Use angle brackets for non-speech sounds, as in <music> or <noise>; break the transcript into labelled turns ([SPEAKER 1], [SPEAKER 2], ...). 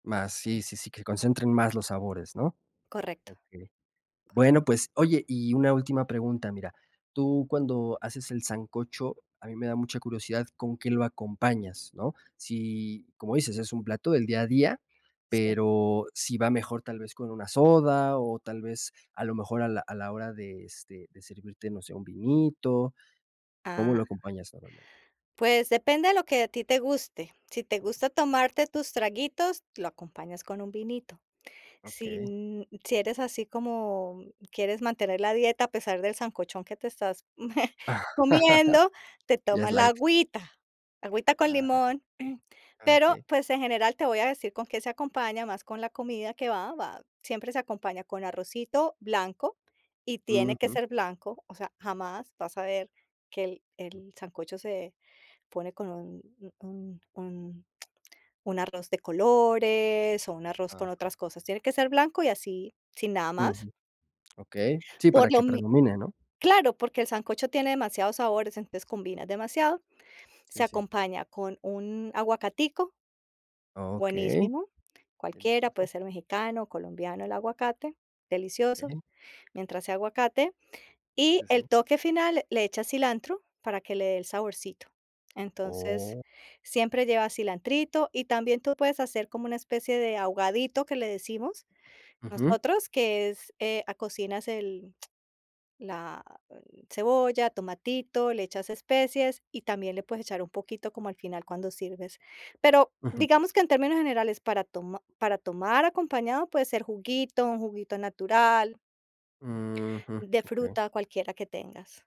[SPEAKER 1] Más, sí, sí, sí, que concentren más los sabores, ¿no?
[SPEAKER 2] Correcto. <unintelligible>
[SPEAKER 1] Okey. Bueno, pues, oye, y una última pregunta, mira. Tú cuando haces el sancocho, a mí me da mucha curiosidad con qué lo acompañas, ¿no? Si, como dices, es un plato del día a día,
[SPEAKER 2] Sí.
[SPEAKER 1] pero si va mejor tal vez con una soda o tal vez a lo mejor a la a la hora de, este, de servirte, no sé, un vinito, ¿cómo
[SPEAKER 2] Ah
[SPEAKER 1] lo acompañas normalmente?
[SPEAKER 2] pues depende de lo que a ti te guste. Si te gusta tomarte tus traguitos, lo acompañas con un vinito. Sí
[SPEAKER 1] Okey.
[SPEAKER 2] n sí eres así como, mm, quieres mantener la dieta, a pesar del sancochón que te estás <chuckles> comiendo,
[SPEAKER 1] <chuckles>
[SPEAKER 2] te
[SPEAKER 1] Ya es
[SPEAKER 2] tomas la
[SPEAKER 1] light.
[SPEAKER 2] agüita, agüita con
[SPEAKER 1] Ah,
[SPEAKER 2] limón. Pero,
[SPEAKER 1] okey.
[SPEAKER 2] pues, en general, te voy a decir con qué se acompaña, más con la comida que va va, siempre se acompaña con arrocito blanco y tiene que
[SPEAKER 1] Ujú.
[SPEAKER 2] ser blanco, o sea, jamás vas a ver que el
[SPEAKER 1] Mm.
[SPEAKER 2] el sancocho se pone con un un un arroz de colores o un arroz con
[SPEAKER 1] Ajá.
[SPEAKER 2] otras cosas. Tiene que ser blanco y así, sin nada más,
[SPEAKER 1] Ujú. Okey. Sí,
[SPEAKER 2] por
[SPEAKER 1] para
[SPEAKER 2] lo
[SPEAKER 1] que
[SPEAKER 2] mi
[SPEAKER 1] predomine, ¿no?
[SPEAKER 2] claro, porque el sancocho tiene demasiados sabores, entonces combinas demasiado. Se
[SPEAKER 1] Sí, sí.
[SPEAKER 2] acompaña con un aguacatico
[SPEAKER 1] Okey.
[SPEAKER 2] buenísimo, cualquiera, puede
[SPEAKER 1] Delicioso.
[SPEAKER 2] ser mexicano, colombiano el aguacate, delicioso,
[SPEAKER 1] Okey.
[SPEAKER 2] mientras sea aguacate. Y
[SPEAKER 1] Sí, sí.
[SPEAKER 2] el toque final, le echas cilantro para que le dé el saborcito. Entonces,
[SPEAKER 1] Oh.
[SPEAKER 2] siempre lleva cilantrito y también tú puedes hacer como una especie de ahogadito, que le decimos
[SPEAKER 1] Ujú.
[SPEAKER 2] nosotros, que es, eh, cocinas el la cebolla, tomatito, le echas especies, y también le puedes echar un poquito como al final cuando sirves. Pero
[SPEAKER 1] Ujú.
[SPEAKER 2] digamos que en términos generales para toma para tomar acompañado puede ser juguito, un juguito natural
[SPEAKER 1] Ujú.
[SPEAKER 2] de
[SPEAKER 1] Okey.
[SPEAKER 2] fruta, cualquiera que tengas.